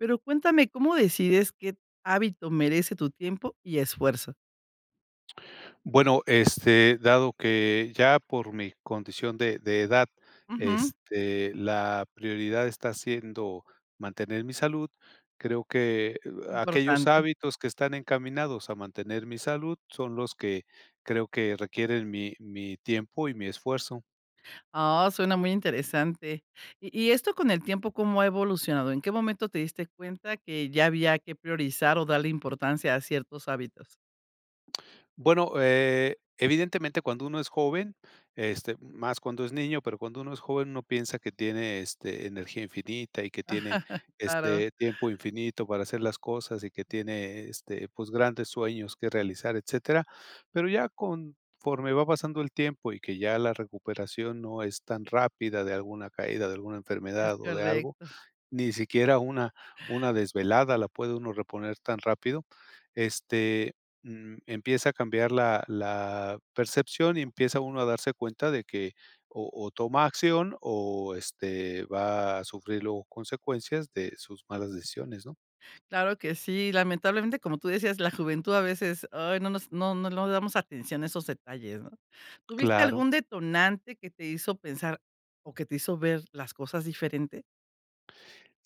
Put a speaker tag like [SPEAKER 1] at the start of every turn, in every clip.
[SPEAKER 1] Pero cuéntame, ¿cómo decides qué hábito merece tu tiempo y esfuerzo?
[SPEAKER 2] Bueno, este, dado que ya por mi condición de de edad,
[SPEAKER 1] Ujú.
[SPEAKER 2] este, la prioridad está siendo mantener mi salud, creo que aquellos
[SPEAKER 1] Importante.
[SPEAKER 2] hábitos que están encaminados a mantener mi salud son los que creo que requieren mi mi tiempo y mi esfuerzo.
[SPEAKER 1] Ah, suena muy interesante. Y y esto con el tiempo, ¿cómo ha evolucionado? ¿En qué momento te diste cuenta que ya había que priorizar o darle importancia a ciertos hábitos?
[SPEAKER 2] Bueno, eh, evidentemente cuando uno es joven, este, más cuando es niño, pero cuando uno es joven, uno piensa que tiene, este, energía infinita y que tiene,
[SPEAKER 1] Claro.
[SPEAKER 2] este, tiempo infinito para hacer las cosas y que tiene, este, pues, grandes sueños que realizar, etcétera. Pero ya conforme va pasando el tiempo y que ya la recuperación no es tan rápida, de alguna caída, de alguna
[SPEAKER 1] Es
[SPEAKER 2] enfermedad o de algo,
[SPEAKER 1] correcto.
[SPEAKER 2] ni siquiera una una desvelada la puede uno reponer tan rápido. Este, mm, empieza a cambiar la la percepción y empieza uno a darse cuenta de que o o toma acción o, este, va a sufrir luego consecuencias de sus malas decisiones, ¿no?
[SPEAKER 1] Claro que sí. Lamentablemente, como tú decías, la juventud a veces, ¡ay!, no, nos no no no damos atención a esos detalles, ¿no? ¿Tuviste
[SPEAKER 2] Claro.
[SPEAKER 1] algún detonante que te hizo pensar, o que te hizo ver las cosas diferente?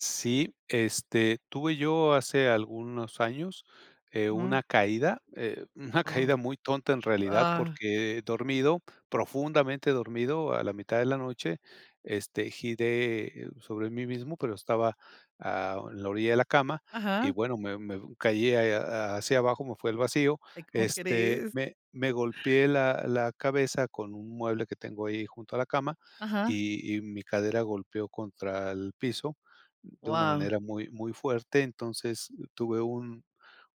[SPEAKER 2] Sí, este, tuve yo hace algunos años, eh,
[SPEAKER 1] Mm.
[SPEAKER 2] una caída, eh, una
[SPEAKER 1] Oh,
[SPEAKER 2] caída muy tonta en realidad,
[SPEAKER 1] ah.
[SPEAKER 2] porque dormido, profundamente dormido a la mitad de la noche, este, giré sobre mí mismo, pero estaba, ah, en la orilla de la cama y
[SPEAKER 1] Ajá.
[SPEAKER 2] bueno, me me caí ahí, ha hacia abajo, me fui al vacío,
[SPEAKER 1] Ay, ¿cómo
[SPEAKER 2] este,
[SPEAKER 1] crees?
[SPEAKER 2] me me golpeé la la cabeza con un mueble que tengo ahí junto a la cama,
[SPEAKER 1] Ajá.
[SPEAKER 2] y y mi cadera golpeó contra el piso de una
[SPEAKER 1] Guau.
[SPEAKER 2] manera muy, muy fuerte. Entonces, uh, tuve un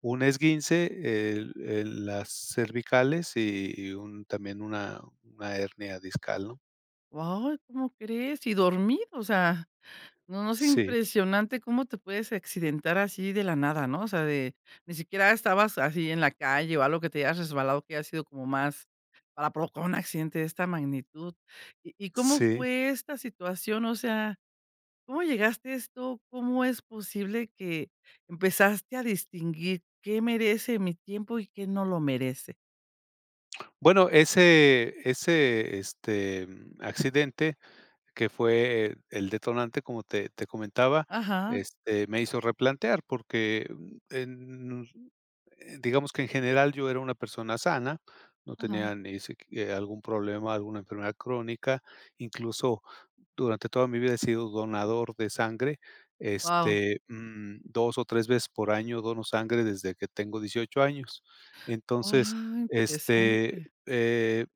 [SPEAKER 2] un esguince, el el las cervicales y y un también, una una hernia discal, ¿no?
[SPEAKER 1] Guau, ¿cómo crees?, y dormido, o sea, no no es
[SPEAKER 2] Sí.
[SPEAKER 1] impresionante cómo te puedes accidentar así de la nada, ¿no?, o sea, de ni siquiera estabas así en la calle o algo, que te hayas resbalado, que haya sido como más para provocar un accidente de esta magnitud, ¿y y cómo
[SPEAKER 2] Sí.
[SPEAKER 1] fue esta situación?, o sea, ¿cómo llegaste a esto? ¿Cómo es posible que empezaste a distinguir, qué merece mi tiempo y qué no lo merece?
[SPEAKER 2] Bueno, ese ese este, mm, accidente que fue el detonante, como te te comentaba,
[SPEAKER 1] Ajá.
[SPEAKER 2] este, me hizo replantear porque, mm, en, eh, digamos que en general yo era una persona sana, no
[SPEAKER 1] Ajá.
[SPEAKER 2] tenía ni siqui algún problema, alguna enfermedad crónica. Incluso durante toda mi vida he sido donador de sangre,
[SPEAKER 1] Wao.
[SPEAKER 2] este, mm, 2 o 3 veces por año dono sangre desde que tengo 18 años.
[SPEAKER 1] Wao.
[SPEAKER 2] Entonces, este,
[SPEAKER 1] Interesante.
[SPEAKER 2] eh,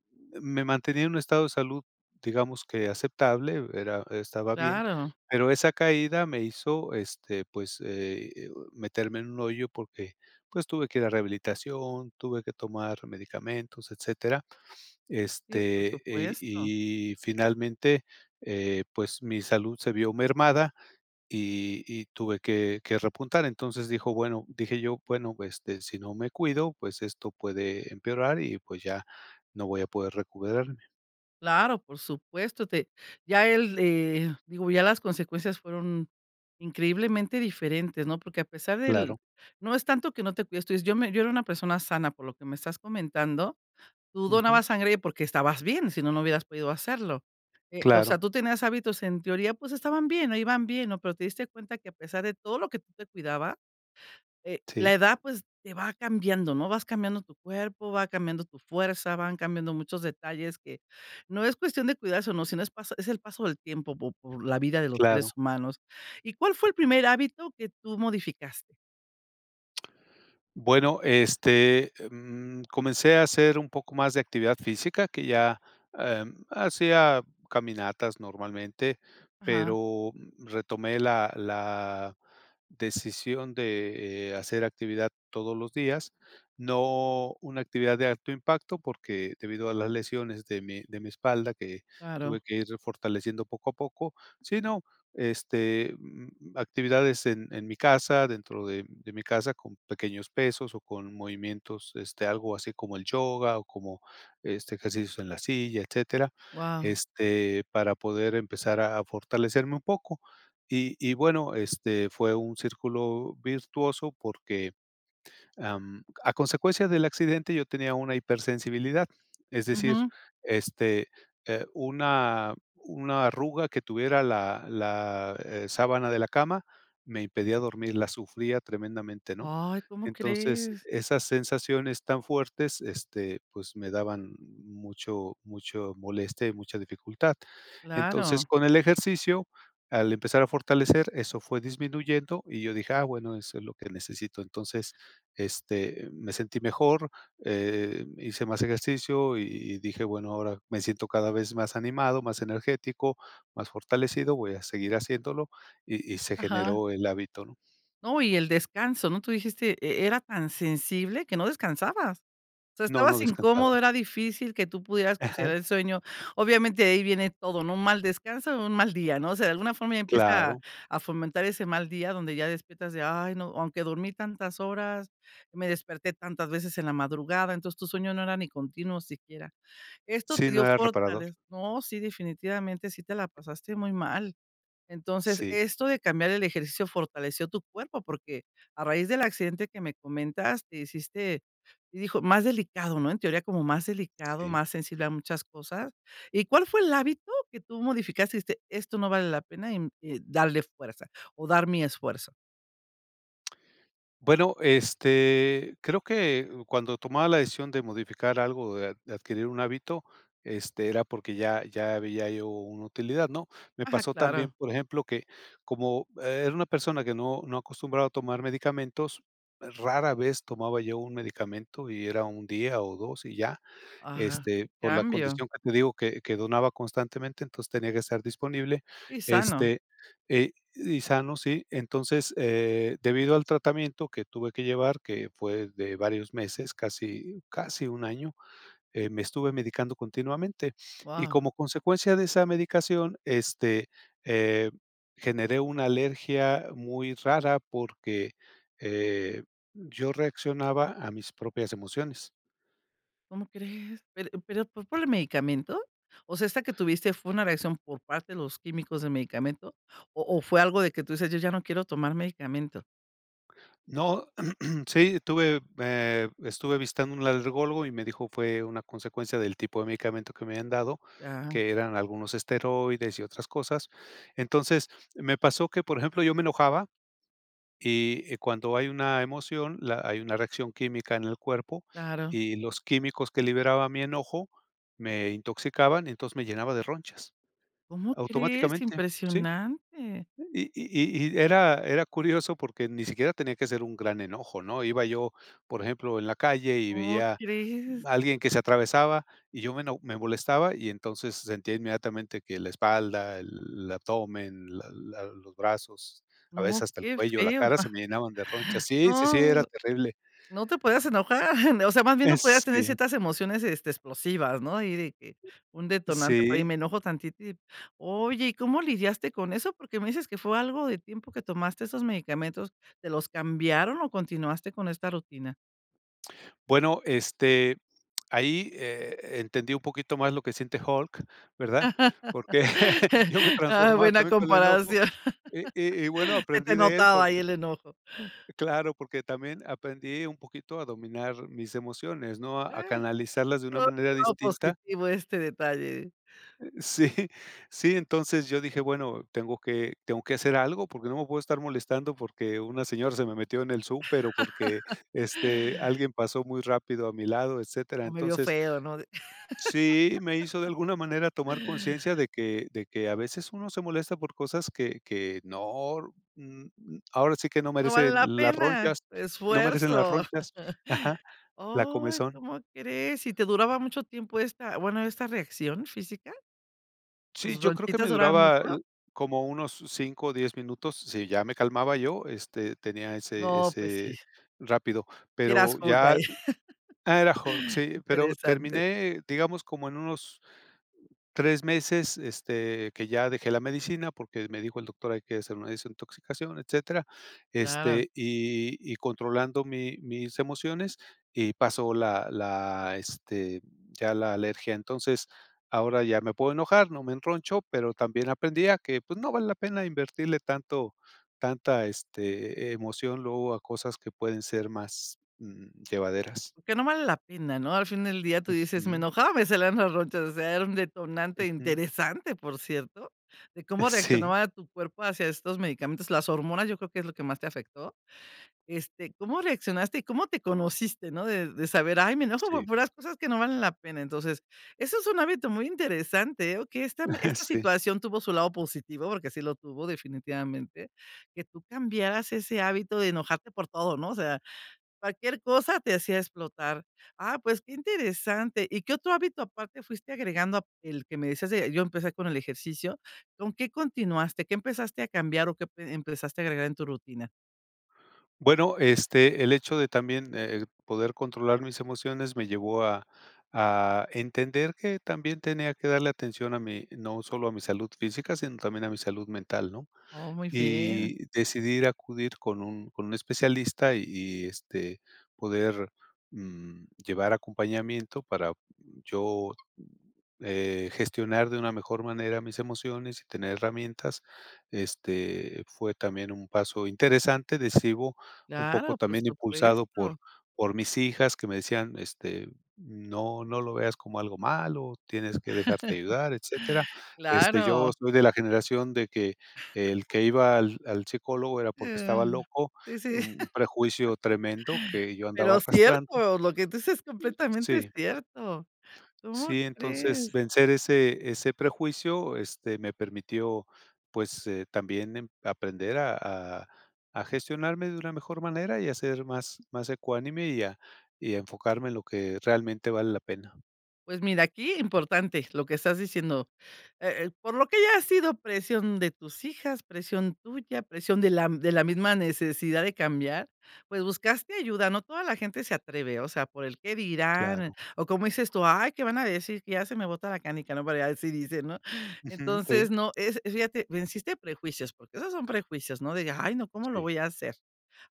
[SPEAKER 2] me mantenía en un estado de salud, digamos que aceptable, era estaba bien,
[SPEAKER 1] Claro.
[SPEAKER 2] pero esa caída me hizo, este, pues, eh, o meterme en un hoyo porque, pues tuve que ir a rehabilitación, tuve que tomar medicamentos, etcétera,
[SPEAKER 1] Sí, por
[SPEAKER 2] este,
[SPEAKER 1] supuesto.
[SPEAKER 2] y y finalmente, eh, pues, mi salud se vio mermada y y tuve que que repuntar. Entonces, dijo, bueno dije yo: "bueno, este, si no me cuido, pues, esto puede empeorar y, pues, ya no voy a poder recuperarme".
[SPEAKER 1] Claro, por supuesto, te ya él, eh digo, ya las consecuencias fueron increíblemente diferentes, ¿no? Porque, a pesar del
[SPEAKER 2] Claro.
[SPEAKER 1] no es tanto que no te cuides tú dices yo me yo era una persona sana por lo que me estás comentando, tú
[SPEAKER 2] Ujú.
[SPEAKER 1] donabas sangre porque estabas bien. Si no, no hubieras podido hacerlo, eh, o sea,
[SPEAKER 2] Claro.
[SPEAKER 1] tú tenías hábitos en teoría, pues estaban bien, ahí iban bien, ¿no?, pero te diste cuenta que a pesar de todo lo que tú te cuidabas, eh, la
[SPEAKER 2] Sí.
[SPEAKER 1] edad, pues te va cambiando, ¿no? Vas cambiando tu cuerpo, va cambiando tu fuerza, van cambiando muchos detalles que no es cuestión de cuidarse o no, sino es pasa es el paso del tiempo po por la vida de los seres
[SPEAKER 2] Claro.
[SPEAKER 1] humanos. ¿Y cuál fue el primer hábito que tú modificaste?
[SPEAKER 2] Bueno, este, em, comencé a hacer un poco más de actividad física, que ya, em, hacía caminatas normalmente,
[SPEAKER 1] Ajá.
[SPEAKER 2] pero retomé la la decisión de hacer actividad todos los días, no una actividad de alto impacto porque debido a las lesiones de mi de mi espalda que
[SPEAKER 1] Claro.
[SPEAKER 2] tuve que ir refortaleciendo poco a poco, sino, este, mm, actividades en en mi casa, dentro de de mi casa con pequeños pesos o con movimientos este algo así como el yoga o como este ejercicios en la silla, etcétera,
[SPEAKER 1] Guau.
[SPEAKER 2] este para poder empezar a fortalecerme un poco y y bueno, este, fue un círculo virtuoso porque, am, a consecuencia del accidente yo tenía una hipersensibilidad, es decir,
[SPEAKER 1] Ujú.
[SPEAKER 2] este, eh, una una arruga que tuviera la la, eh, sábana de la cama me impedía dormir, la sufría tremendamente, ¿no?
[SPEAKER 1] Ay, ¿cómo
[SPEAKER 2] Entonces
[SPEAKER 1] crees?
[SPEAKER 2] esas sensaciones tan fuertes, este, pues me daban mucho mucha molestia y mucha dificultad. Entonces,
[SPEAKER 1] Claro.
[SPEAKER 2] con el ejercicio, al empezar a fortalecer, eso fue disminuyendo y yo dije, ah bueno, eso es lo que necesito. Entonces, este, me sentí mejor, em, hice más ejercicio y dije, bueno, ahora me siento cada vez más animado, más energético, más fortalecido, voy a seguir haciéndolo y y se
[SPEAKER 1] Ajá.
[SPEAKER 2] generó el hábito, ¿no?
[SPEAKER 1] No, y el descanso, ¿no? Tú dijiste, e-era tan sensible que no descansabas. O sea,
[SPEAKER 2] No, no
[SPEAKER 1] estabas incómodo,
[SPEAKER 2] descansaba.
[SPEAKER 1] era difícil que tú pudieras conciliar
[SPEAKER 2] Ajá.
[SPEAKER 1] el sueño. Obviamente, de ahí viene todo, ¿no?, un mal descanso, un mal día, no sé, de alguna forma empieza
[SPEAKER 2] Claro.
[SPEAKER 1] a fomentar ese mal día donde ya despiertas de: "Ay, no, aunque dormí tantas horas, me desperté tantas veces en la madrugada". Entonces tu sueño no era ni continuo siquiera. Esto te
[SPEAKER 2] Sí,
[SPEAKER 1] dio
[SPEAKER 2] no era reparador.
[SPEAKER 1] fortaleza No, sí, definitivamente sí te la pasaste muy mal. Entonces,
[SPEAKER 2] Sí.
[SPEAKER 1] esto de cambiar el ejercicio fortaleció tu cuerpo porque a raíz del accidente que me comentas, te hiciste hi hijo más delicado, ¿no? En teoría como más delicado,
[SPEAKER 2] Sí.
[SPEAKER 1] más sensible a muchas cosas, ¿y cuál fue el hábito que tú modificaste?, y dijiste: "Esto no vale la pena y mm, eh, darle fuerza o dar mi esfuerzo".
[SPEAKER 2] Bueno, este, creo que cuando tomaba la decisión de modificar algo, de adquirir un hábito, este, era porque ya ya veía yo una utilidad, ¿no?, me
[SPEAKER 1] Ajá,
[SPEAKER 2] pasó también,
[SPEAKER 1] claro.
[SPEAKER 2] por ejemplo, que como e era una persona que no no acostumbraba a tomar medicamentos, rara vez tomaba yo un medicamento y era 1 día o 2 y ya,
[SPEAKER 1] Ajá,
[SPEAKER 2] este,
[SPEAKER 1] que
[SPEAKER 2] por la
[SPEAKER 1] cambio.
[SPEAKER 2] condición que te digo que que donaba constantemente, entonces tenía que estar disponible,
[SPEAKER 1] Y sano.
[SPEAKER 2] este, y y sano, ¿sí? Entonces eh, debido al tratamiento que tuve que llevar, que fue de varios meses, casi casi 1, año, eh, me estuve medicando continuamente. Y
[SPEAKER 1] Wao.
[SPEAKER 2] como consecuencia de esa medicación, este, eh, generé una alergia muy rara porque, eh, yo reaccionaba a mis propias emociones.
[SPEAKER 1] ¿Cómo crees? Pero pero fue por el medicamento, o sea, esta que tuviste fue una reacción por parte de los químicos de medicamento o o fue algo de que tú dices: "Yo ya no quiero tomar medicamento".
[SPEAKER 2] No, sí, estuve, eh, estuve vistando un alergólogo y me dijo: "Fue una consecuencia del tipo de medicamento que me habían dado",
[SPEAKER 1] Ajá.
[SPEAKER 2] que eran algunos esteroides y otras cosas. Entonces, me pasó que, por ejemplo, yo me enojaba, y cuando hay una emoción, la hay una reacción química en el cuerpo
[SPEAKER 1] Claro.
[SPEAKER 2] y los químicos que liberaba mi enojo me intoxicaban, y entonces, me llenaba de ronchas
[SPEAKER 1] ¿Cómo crees?,
[SPEAKER 2] automáticamente, ¿sí?,
[SPEAKER 1] ¡impresionante!
[SPEAKER 2] y y y y era era curioso porque ni siquiera tenía que ser un gran enojo, ¿no?, iba yo, por ejemplo, en la calle y
[SPEAKER 1] ¿Cómo
[SPEAKER 2] veía
[SPEAKER 1] crees?
[SPEAKER 2] alguien que se atravesaba y yo me eno me molestaba, y entonces, sentía inmediatamente que la espalda, el abdomen, la la los brazos, a veces
[SPEAKER 1] No,
[SPEAKER 2] hasta el
[SPEAKER 1] qué
[SPEAKER 2] cuello, la
[SPEAKER 1] feo.
[SPEAKER 2] cara se me llenaban de ronchas. Sí, sí, sí,
[SPEAKER 1] No,
[SPEAKER 2] era terrible.
[SPEAKER 1] no te podías enojar, m o sea, más bien no podías tener
[SPEAKER 2] Este
[SPEAKER 1] ciertas emociones, este, explosivas, ¿no?, y de que un detonante, por ahí
[SPEAKER 2] Sí.
[SPEAKER 1] me enojo tantito y oye, ¿y cómo lidiaste con eso?, porque me dices que fue algo de tiempo que tomaste esos medicamentos, ¿te los cambiaron o continuaste con esta rutina?
[SPEAKER 2] Bueno, este, ahí, eh, e entendí un poquito más lo que siente Hulk, ¿verdad?, porque yo me transformaba
[SPEAKER 1] Buena
[SPEAKER 2] también con el enojo
[SPEAKER 1] comparación.
[SPEAKER 2] y y y, bueno,
[SPEAKER 1] Se
[SPEAKER 2] aprendí
[SPEAKER 1] te
[SPEAKER 2] de él
[SPEAKER 1] notaba ahí
[SPEAKER 2] porque
[SPEAKER 1] el enojo.
[SPEAKER 2] claro, porque también aprendí un poquito a dominar mis emociones, ¿no?, a
[SPEAKER 1] Eh,
[SPEAKER 2] canalizarlas de una
[SPEAKER 1] todo,
[SPEAKER 2] manera
[SPEAKER 1] todo
[SPEAKER 2] distinta.
[SPEAKER 1] positivo, este detalle.
[SPEAKER 2] Eh, sí, sí, entonces yo dije, bueno, tengo que tengo que hacer algo porque no me puedo estar molestando porque una señora se me metió en el súper o porque, este, alguien pasó muy rápido a mi lado, etcétera.
[SPEAKER 1] O me vio
[SPEAKER 2] Entonces,
[SPEAKER 1] feo, ¿no?, di
[SPEAKER 2] sí, me hizo de alguna manera tomar conciencia de que de que a veces uno se molesta por cosas que que no n n ahora sí que, no
[SPEAKER 1] No vale
[SPEAKER 2] merecen
[SPEAKER 1] la
[SPEAKER 2] las
[SPEAKER 1] pena
[SPEAKER 2] ronchas
[SPEAKER 1] tu
[SPEAKER 2] no merecen las
[SPEAKER 1] esfuerzo.
[SPEAKER 2] ronchas, ajá, la
[SPEAKER 1] ¡Oh!, ¿y
[SPEAKER 2] comezón.
[SPEAKER 1] cómo crees? ¿Sí te duraba mucho tiempo esta, bueno, esta reacción física?
[SPEAKER 2] Sí,
[SPEAKER 1] ¿Tus
[SPEAKER 2] yo creo que
[SPEAKER 1] ronchitas
[SPEAKER 2] me
[SPEAKER 1] duraban
[SPEAKER 2] duraba
[SPEAKER 1] mucho?
[SPEAKER 2] el como unos 5 o 10 minutos, si ya me calmaba yo, este, tenía ese
[SPEAKER 1] No, pues sí.
[SPEAKER 2] ese, rápido,
[SPEAKER 1] Sí eras
[SPEAKER 2] pero
[SPEAKER 1] Hulk,
[SPEAKER 2] ya
[SPEAKER 1] ahí.
[SPEAKER 2] era Hulk,
[SPEAKER 1] Qué
[SPEAKER 2] sí, pero
[SPEAKER 1] interesante.
[SPEAKER 2] terminé, digamos, como en unos 3 meses, este, que ya dejé la medicina porque me dijo el doctor hay que hacer una desintoxicación, etcétera,
[SPEAKER 1] Claro.
[SPEAKER 2] este, y y controlando mi mis emociones y pasó la la, este, ya la alergia. Entonces, ahora ya me puedo enojar, no me enroncho, pero también aprendí a que, pues, no vale la pena invertirle tanto tanta, este, emoción luego a cosas que pueden ser más, mm, llevaderas.
[SPEAKER 1] Que no vale la pena, ¿no?, al fin del día tú dices: "Me
[SPEAKER 2] Ujú.
[SPEAKER 1] enojaba, me salieron las ronchas", o sea, era un detonante
[SPEAKER 2] Ujú.
[SPEAKER 1] interesante, por cierto, de cómo
[SPEAKER 2] Sí.
[SPEAKER 1] reaccionaba tu cuerpo hacia estos medicamentos. Las hormonas, yo creo que es lo que más te afectó. Este, ¿cómo reaccionaste?, y, ¿cómo te conociste, no?, de de saber: "Ay, me enojo por
[SPEAKER 2] Sí.
[SPEAKER 1] puras cosas que no valen la pena". Entonces, eso es un hábito muy interesante, eh, que esta esta
[SPEAKER 2] Sí.
[SPEAKER 1] situación tuvo su lado positivo, porque sí lo tuvo definitivamente, que tú cambiaras ese hábito de enojarte por todo, ¿no?, o sea, cualquier cosa te hacía explotar. Ah, pues qué interesante. ¿Y y qué otro hábito aparte fuiste agregando, el que me decías de yo empecé con el ejercicio, con qué continuaste? ¿O qué empezaste a cambiar o qué e empezaste a agregar en tu rutina?
[SPEAKER 2] Bueno, este, el hecho de también el poder controlar mis emociones me llevó a a entender que también tenía que darle atención a mí, no solo a mi salud física, sino también a mi salud mental, ¿no?,
[SPEAKER 1] Oh, muy bien.
[SPEAKER 2] y decidí ir acudir con un con un especialista y y, este, poder mm, llevar acompañamiento para yo eh, gestionar de una mejor manera mis emociones y tener herramientas. Este fue también un paso interesante, decido, un poco
[SPEAKER 1] Claro, por
[SPEAKER 2] también impulsado por
[SPEAKER 1] supuesto.
[SPEAKER 2] por mis hijas que me decían, este: "No no no lo veas como algo malo, tienes que dejarte ayudar", etcétera. Este, yo
[SPEAKER 1] Claro.
[SPEAKER 2] soy de la generación de que el que iba al al psicólogo era porque estaba
[SPEAKER 1] Sí,
[SPEAKER 2] loco,
[SPEAKER 1] sí,
[SPEAKER 2] un prejuicio tremendo que yo andaba
[SPEAKER 1] pero
[SPEAKER 2] arrastrando.
[SPEAKER 1] cierto, lo que tu dices es completamente
[SPEAKER 2] Si.
[SPEAKER 1] cierto. ¿Cómo
[SPEAKER 2] Sí, entonces
[SPEAKER 1] crees?
[SPEAKER 2] vencer ese ese prejuicio, este, me permitió, pues, también aprender a a a gestionarme de una mejor manera y a ser más más ecuánime y a y a enfocarme en lo que realmente vale la pena.
[SPEAKER 1] Pues mira, aquí importante lo que estás diciendo, eh eh, por lo que haya sido, presión de tus hijas, presión tuya, presión de la de la misma necesidad de cambiar, pues buscaste ayuda. No toda la gente se atreve, o sea, por el qué dirán
[SPEAKER 2] Claro.
[SPEAKER 1] o como dices tú: "Ay, qué van a decir, que ya se me bota la canica", no, por ahí así dicen, ¿no?,
[SPEAKER 2] Ujú, sí.
[SPEAKER 1] entonces no, es fíjate, venciste prejuicios, porque esos son prejuicios, no digas: "Ay, no, ¿cómo lo
[SPEAKER 2] Sí.
[SPEAKER 1] voy a hacer?",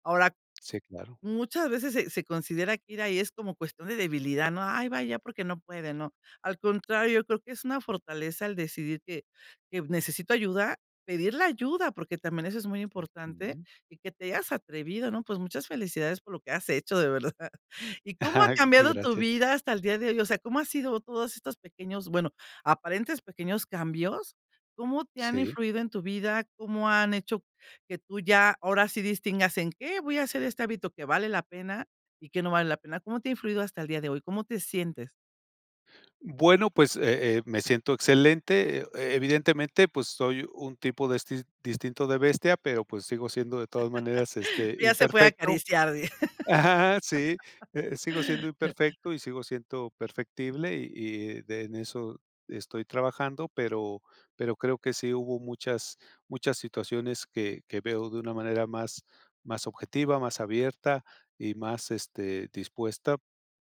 [SPEAKER 1] ahora,
[SPEAKER 2] Sí, claro.
[SPEAKER 1] muchas veces se se se considera que ir ahí, es como cuestión de debilidad, ¿no?, "Ay va ahí, porque no puede", ¿no?, al contrario, creo que es una fortaleza el decidir que que necesito ayuda, pedir la ayuda, porque también eso es muy importante,
[SPEAKER 2] Ujú.
[SPEAKER 1] y que te hayas atrevido, ¿no?, pues, muchas felicidades por lo que has hecho de verdad. Y, ¿cómo ha
[SPEAKER 2] Eh,
[SPEAKER 1] cambiado tu
[SPEAKER 2] gracias.
[SPEAKER 1] vida hasta el día de hoy?, o sea, ¿cómo ha sido todos estos pequeños?, bueno, aparentes pequeños cambios, ¿cómo te han
[SPEAKER 2] Sí.
[SPEAKER 1] influido en tu vida? ¿Cómo han hecho que tú ya ahora sí distingas en qué voy a hacer este hábito que vale la pena y que no vale la pena? ¿Cómo te ha influido hasta el día de hoy? ¿Cómo te sientes?
[SPEAKER 2] Bueno, pues, eh, eh, me siento excelente. E evidentemente, pues, soy un tipo destis distinto de bestia, pero, pues, sigo siendo de todas maneras, este,
[SPEAKER 1] Ya se puede
[SPEAKER 2] imperfecto.
[SPEAKER 1] acariciar, di.
[SPEAKER 2] Ajá, sí, eh, sigo siendo imperfecto y sigo siendo perfectible, y y de en eso estoy trabajando, pero pero creo que sí hubo muchas muchas situaciones que que veo de una manera más más objetiva, más abierta y más, este, dispuesta,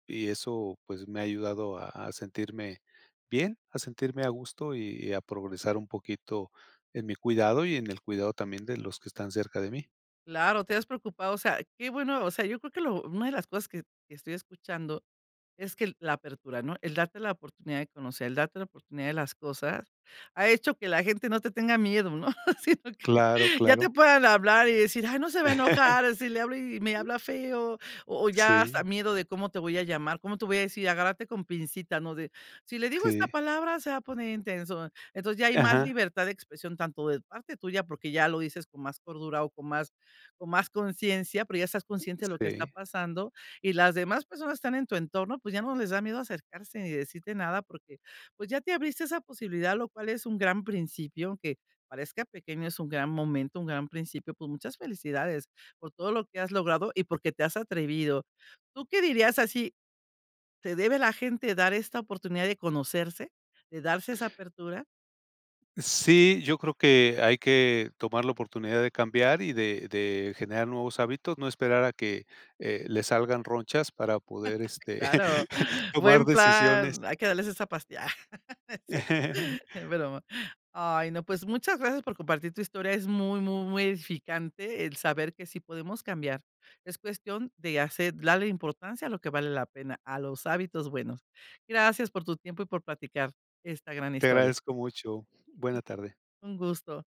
[SPEAKER 2] y eso, pues, me ha ayudado a a sentirme bien. A sentirme a gusto y a progresar un poquito en mi cuidado y en el cuidado también de los que están cerca de mí.
[SPEAKER 1] Claro, te has preocupado. O sea, qué bueno, o sea, yo creo que lo una de las cosas que que estoy escuchando es que el la apertura, ¿no?, el darte la oportunidad de conocer, el darte la oportunidad de las cosas, ha hecho que la gente no te tenga miedo, ¿no?, sino que
[SPEAKER 2] Claro,
[SPEAKER 1] ya te
[SPEAKER 2] claro.
[SPEAKER 1] puedan hablar y decir: "Ay, no se va a enojar, si le hablo y me habla feo, o ya hasta
[SPEAKER 2] Sí.
[SPEAKER 1] miedo de cómo te voy a llamar, cómo te voy a decir, agárrate con pincita", ¿no?, de, si le digo esta
[SPEAKER 2] Sí.
[SPEAKER 1] palabra se va a poner intenso. Entonces, ya hay más
[SPEAKER 2] Ajá.
[SPEAKER 1] libertad de expresión, tanto de parte tuya, porque ya lo dices con más cordura o con más, con más conciencia, pero, ya estás consciente de lo que está
[SPEAKER 2] Sí.
[SPEAKER 1] pasando y las demás personas están en tu entorno, pues ya, no les da miedo acercarse ni decirte nada, porque, pues, ya te abriste esa posibilidad, lo cual es un gran principio, que, aunque parezca pequeño, es un gran momento, un gran principio. Pues, muchas felicidades por todo lo que has logrado y porque te has atrevido, ¿tú qué dirías así? ¿Se debe la gente dar esta oportunidad de conocerse, de darse esa apertura?
[SPEAKER 2] Sí, yo creo que hay que tomar la oportunidad de cambiar y de de generar nuevos hábitos, no esperar a que, eh, le salgan ronchas para poder, este,
[SPEAKER 1] Claro,
[SPEAKER 2] tomar
[SPEAKER 1] buen
[SPEAKER 2] decisiones.
[SPEAKER 1] plan. Hay que darles esa pastilla. Ah, no es cierto, es broma. Ay, no, pues muchas gracias por compartir tu historia. Es muy, muy, muy edificante el saber que sí podemos cambiar. Es cuestión de hacer darle importancia a lo que vale la pena, a los hábitos buenos. Gracias por tu tiempo y por platicar esta gran
[SPEAKER 2] Te
[SPEAKER 1] historia.
[SPEAKER 2] agradezco mucho. Buena tarde.
[SPEAKER 1] Un gusto.